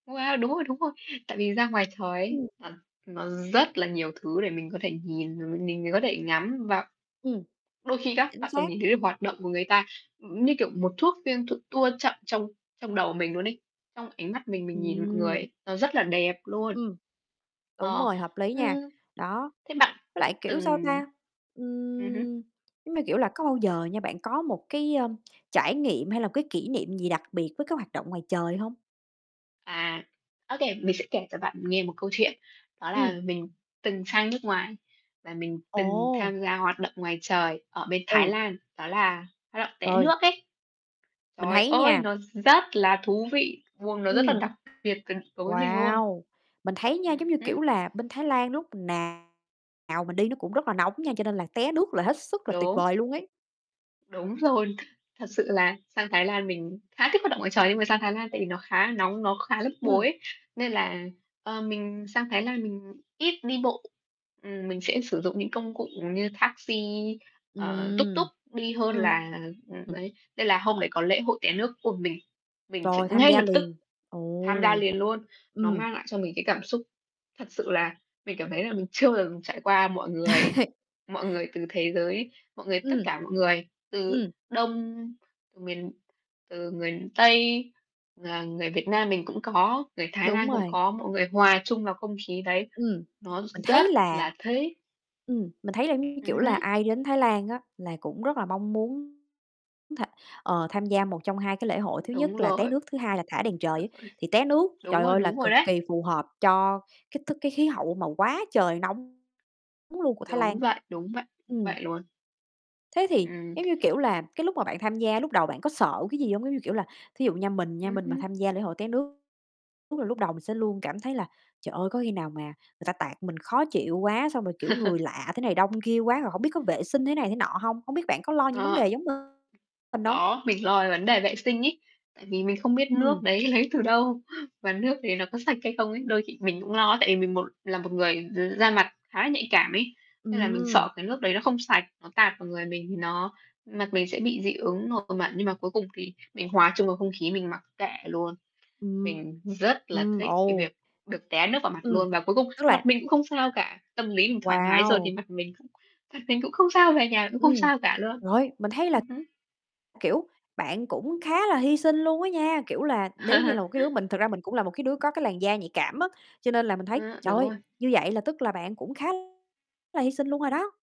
Wow, đúng rồi, đúng rồi. Tại vì ra ngoài trời ấy, Ưm. à, nó rất là nhiều thứ để mình có thể nhìn, mình có thể ngắm và Ừm. đôi khi các Chính bạn còn xác. nhìn thấy được hoạt động của người ta, ừm, như kiểu, một thuốc phim được tua chậm trong trong đầu mình luôn ấy, trong ánh mắt mình mình nhìn mọi người Ừm. ấy, nó rất là đẹp luôn. Ừm. Đúng Ờ, rồi, hợp lý nha, ưm. đó, Thế bạn với lại, kiểu, sao từng ta, ừm hứm. ừm, giống như, kiểu là, có bao giờ nha, bạn có một cái, ưm, trải nghiệm hay là cái kỷ niệm gì đặc biệt với cái hoạt động ngoài trời hông? À, ô kê, mình sẽ kể cho bạn nghe 1 câu chuyện, đó là Ừm. mình từng sang nước ngoài, và mình từng Ồ. tham gia hoạt động ngoài trời ở bên Thái Ừ. Lan, đó là hoạt động té Trời. nước ấy. Mình Trời thấy ơi, nha nó rất là thú vị, vuông nó rất là Ừm. đặc biệt cần đối với mình luôn. Wow, mình thấy nha, giống Ừm như, hứm. kiểu là, bên Thái Lan lúc nào mình đi nó cũng rất là nóng nha, cho nên là té nước là hết sức là tuyệt Đúng. vời luôn ấy. Đúng rồi. Thật sự là sang Thái Lan mình khá thích hoạt động ngoài trời, nhưng mà sang Thái Lan tại vì nó khá nóng, nó khá bức bối Ừm. ấy, nên là, ờ, mình sang Thái Lan mình ít đi bộ, ừm, mình sẽ sử dụng những công cụ, ừm, như taxi, ờ, tuk tuk Ừm. đi hơn là, Ừm. ơ, đấy, nên là hôm đấy có lễ hội té nước của mình, mình chạy Rồi, tham ngay gia lập tức liền. tham gia Ồ, liền luôn. Nó ừm. mang lại cho mình cái cảm xúc thật sự là mình cảm thấy là mình chưa bao giờ mình trải qua. Mọi người mọi người từ thế giới, mọi người tất Ừm. cả mọi người từ Ừm. Đông miền từ người Tây, à, người Việt Nam mình cũng có, người Thái Đúng Lan cũng rồi. có, mọi người hòa chung vào không khí đấy, Ừm, nó r mình rất thấy là là thích. ừm, mình thấy là giống như, kiểu Ừm là, hứm. ai đến Thái Lan á là cũng rất là mong muốn tha ờ, tham gia 1 trong 2 cái lễ hội, thứ nhất Đúng là té rồi. nước, thứ hai là thả đèn trời Đúng á. rồi, Thì té nước, đúng trời rồi, ơi, là đúng rồi cực đấy. kỳ phù hợp cho cái thức cái khí hậu mà quá trời nóng luôn của Thái Đúng Lan. vậy, đúng vậy, Ừm. vậy luôn. Thế thì Ừm. giống như, kiểu là, cái lúc mà bạn tham gia lúc đầu bạn có sợ cái gì hông? Giống như, kiểu là, thí dụ nha, mình nha, Ừm mình mà hứm. tham gia lễ hội té nước, đúng là lúc đầu mình sẽ luôn cảm thấy là "Trời ơi, có khi nào mà người ta tạt mình khó chịu quá, xong rồi, kiểu, người lạ thế này đông kia quá rồi hổng biết có vệ sinh thế này, thế nọ hông?" Hông biết bạn có lo những vấn Ờ. đề giống mình hông? Có, mình lo về vấn đề vệ sinh ấy, tại vì mình không biết nước Ừm. đấy lấy từ đâu, và nước đấy nó có sạch hay không ấy. Đôi khi mình cũng lo, tại vì mình một là một người d da mặt khá là nhạy cảm ấy, nên là mình Ừm. sợ cái nước đấy nó không sạch, nó tạt vào người mình thì nó mặt mình sẽ bị dị ứng nổi mẩn, nhưng mà cuối cùng thì mình hòa chung vào không khí, mình mặc kệ luôn. Ừm. Mình rất là Ừm, thích cái ồ. việc được té nước vào mặt Ừm, luôn và cuối cùng tức là mặt mình cũng không sao cả. Tâm lý mình thoải mái rồi thì Wow. mặt mình cũng mặt mình cũng không sao, về nhà cũng không Ừm, sao cả luôn. rồi, mình thấy là, Ừm hứm. kiểu, bạn cũng khá là hy sinh luôn á nha, kiểu là, nếu như là một cái đứa mình thực ra mình cũng là một cái đứa có cái làn da nhạy cảm á, cho nên là mình thấy, A, trời đúng ơi, rồi. như vậy là tức là bạn cũng khá là hy sinh luôn rồi đó.